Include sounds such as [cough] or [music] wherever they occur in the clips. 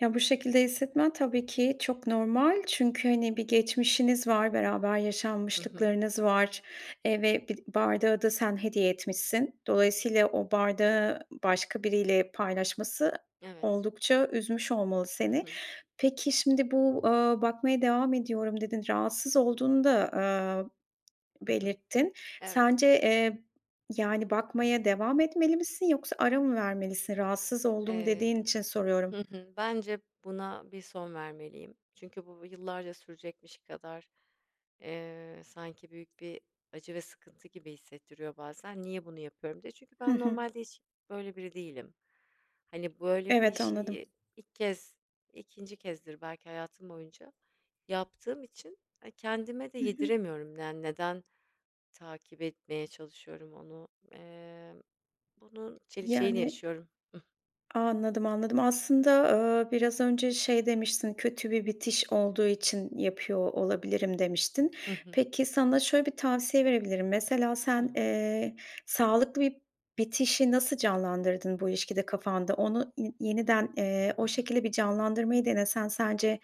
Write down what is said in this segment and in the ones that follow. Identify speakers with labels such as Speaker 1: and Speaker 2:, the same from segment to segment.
Speaker 1: Ya, bu şekilde hissetmen tabii ki çok normal. Çünkü, hani, bir geçmişiniz var, beraber
Speaker 2: Hı hı.
Speaker 1: yaşanmışlıklarınız var, eee, ve bi bardağı da sen hediye etmişsin. Dolayısıyla, o bardağı başka biriyle paylaşması
Speaker 2: Evet.
Speaker 1: oldukça üzmüş olmalı
Speaker 2: Hı
Speaker 1: seni.
Speaker 2: hı.
Speaker 1: Peki, şimdi bu, eee, bakmaya devam ediyorum dedin, rahatsız olduğunu da, eee,
Speaker 2: Hı hı.
Speaker 1: belirttin.
Speaker 2: Evet.
Speaker 1: Sence, eee, yani, bakmaya devam etmeli misin yoksa ara mı vermelisin? Rahatsız oldum
Speaker 2: Emm,
Speaker 1: dediğin için
Speaker 2: hı
Speaker 1: soruyorum.
Speaker 2: hı, bence buna bir son vermeliyim. Çünkü bu b yıllarca sürecekmiş kadar, eee, sanki büyük bir acı ve sıkıntı gibi hissettiriyor bazen. Niye bunu yapıyorum diye. Çünkü
Speaker 1: Hı
Speaker 2: ben
Speaker 1: hı.
Speaker 2: normalde hiç böyle biri değilim hani böyle bir
Speaker 1: Evet, anladım.
Speaker 2: şeyi ilk kez 2. kezdir belki hayatım boyunca yaptığım için kendime de
Speaker 1: Hı hı.
Speaker 2: yediremiyorum. Yani neden takip etmeye çalışıyorum onu, eee, bunun çeli şeyini
Speaker 1: Yani
Speaker 2: yaşıyorum. [chuckles]
Speaker 1: Anladım, anladım. Aslında, eee, biraz önce şey demiştin, kötü bir bitiş olduğu için yapıyor olabilirim demiştin.
Speaker 2: Hı hı.
Speaker 1: Peki, sana şöyle bir tavsiye verebilirim. Mesela, sen,
Speaker 2: Tamam.
Speaker 1: eee, sağlıklı bir bitişi nasıl canlandırdın bu ilişkide kafanda? Onu, i yeniden, eee,
Speaker 2: I
Speaker 1: o
Speaker 2: hı.
Speaker 1: şekilde bir canlandırmayı denesen sence,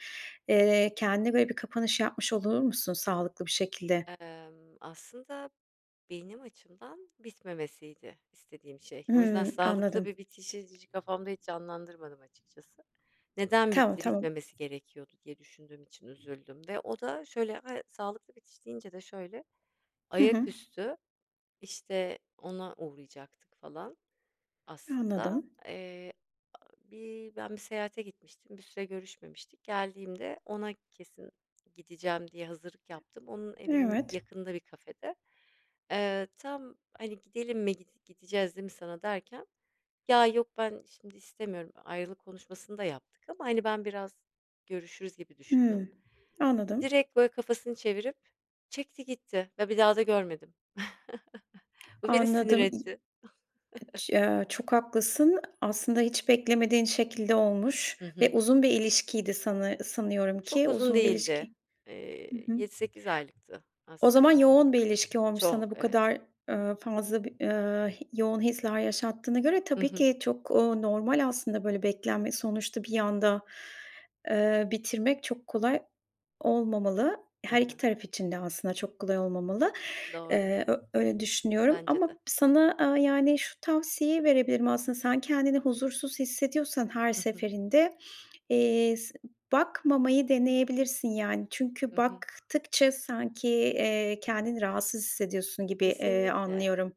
Speaker 1: eee, kendine böyle bir kapanış yapmış olur musun sağlıklı bir şekilde?
Speaker 2: Emm, aslında benim açımdan bitmemesiydi istediğim şey. O yüzden
Speaker 1: Hımm.
Speaker 2: sağlıklı bir
Speaker 1: Anladım.
Speaker 2: bitişi ci kafamda hiç canlandırmadım açıkçası. Neden
Speaker 1: Tamam,
Speaker 2: bitti,
Speaker 1: tamam.
Speaker 2: bitmemesi gerekiyordu diye düşündüğüm için üzüldüm ve o da şöyle, a sağlıklı bitiş deyince de şöyle
Speaker 1: Hı hı.
Speaker 2: ayaküstü, işte, ona uğrayacaktık falan aslında.
Speaker 1: Anladım.
Speaker 2: Eee, aaa, bir ben bir seyahate gitmiştim, bir süre görüşmemiştik. Geldiğimde ona kesin gideceğim diye hazırlık yaptım. Onun evinin
Speaker 1: Evet.
Speaker 2: yakınında bir kafede. Eee, tam hani gidelim mi git gideceğiz değil mi sana derken, ya yok ben şimdi istemiyorum, ayrılık konuşmasını da yaptık ama hani ben biraz görüşürüz gibi düşündüm.
Speaker 1: Hımm, anladım.
Speaker 2: Direkt böyle kafasını çevirip çekti gitti ve bir daha da görmedim. [chuckles] Bu beni sinir
Speaker 1: Anladım. İ
Speaker 2: etti. [chuckles]
Speaker 1: ç eee, çok haklısın. Aslında hiç beklemediğin şekilde olmuş
Speaker 2: Hı
Speaker 1: ve
Speaker 2: hı.
Speaker 1: uzun bir ilişkiydi sanı sanıyorum
Speaker 2: Çok
Speaker 1: ki
Speaker 2: uzun
Speaker 1: uzun bir
Speaker 2: değildi,
Speaker 1: ilişki Hı
Speaker 2: eee,
Speaker 1: hı.
Speaker 2: 7 8 aylıktı
Speaker 1: O zaman
Speaker 2: aslında.
Speaker 1: yoğun bir ilişki olmuş sana
Speaker 2: Çok,
Speaker 1: bu
Speaker 2: evet.
Speaker 1: kadar, eee, fazla, b iii, yoğun hisler yaşattığına göre.
Speaker 2: Hı
Speaker 1: Tabii
Speaker 2: hı.
Speaker 1: ki çok, ooo, normal aslında böyle beklenme sonuçta bir anda, eee, bitirmek çok kolay olmamalı.
Speaker 2: E
Speaker 1: Her iki
Speaker 2: he.
Speaker 1: taraf için de aslında çok kolay olmamalı.
Speaker 2: Doğru.
Speaker 1: Eee, ö öyle düşünüyorum
Speaker 2: Bence
Speaker 1: ama
Speaker 2: de.
Speaker 1: sana, eee, yani, şu tavsiyeyi verebilirim aslında sen kendini huzursuz hissediyorsan her
Speaker 2: Hı hı.
Speaker 1: seferinde, eee, s bakmamayı deneyebilirsin, yani.
Speaker 2: Hı
Speaker 1: Çünkü
Speaker 2: hı.
Speaker 1: baktıkça sanki, eee, kendini rahatsız hissediyorsun gibi, iii,
Speaker 2: Kesinlikle,
Speaker 1: anlıyorum.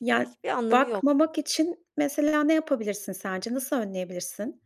Speaker 1: Ya, ııı,
Speaker 2: hiçbir anlamı yok.
Speaker 1: bakmamak için, mesela, ne yapabilirsin sence? Nasıl önleyebilirsin?